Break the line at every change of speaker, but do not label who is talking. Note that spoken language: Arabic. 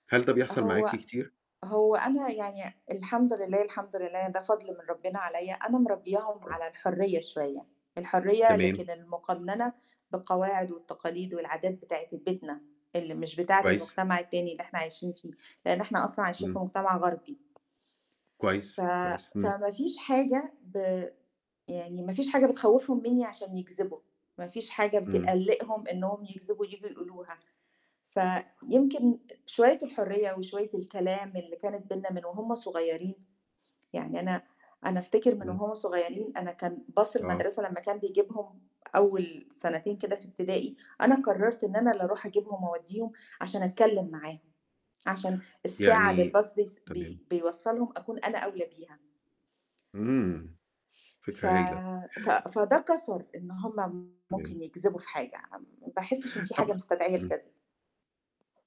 هل ده بيحصل معاكِ
هو،
كتير؟
هو أنا يعني الحمد لله الحمد لله ده فضل من ربنا عليَّ، أنا مربّياهم
آه.
على الحرّية شوية، الحرّية
تمام.
لكن المقنَّنة بقواعد والتقاليد والعادات بتاعة ال بيتنا اللي مش بتاعة
كويس.
المجتمع التاني اللي إحنا عايشين فيه، لإن إحنا أصلًا عايشين في
إمم.
مجتمع غربي. ف
كويس، كويس، إمم.
فما فيش حاجة ب يعني ما فيش حاجة بتخوّفهم مِنّي عشان يكذبوا، ما فيش حاجة
إمم.
بتقلّقهم إنهم يكذبوا ييجوا يقولوها، فيمكن شوية الحرّية وشوية الكلام اللي كانت بيننا من وهُم صغيّرين، يعني أنا أنا أفتكر من
إمم.
وهُم صغيّرين أنا كان bus
آه.
المدرسة لمّا كان بيجيبهم أول سنتين كده في ابتدائي، أنا قرّرت إن أنا اللي أرُوح أجيبهم وأودّيهم عشان أتكلم معاهم، عشان الساعة اللي
يعني
الbus بيس بي
تمام.
بيوصّلهم أكون أنا أولى بيها.
إمم،
ف
فكرة هايلة.
ف فده كَسَر إن هُم
تمام.
ممكن يكذبوا في حاجة، م ما باحسّش إن في
طَب
حاجة مستدعية
إمم.
الكذب.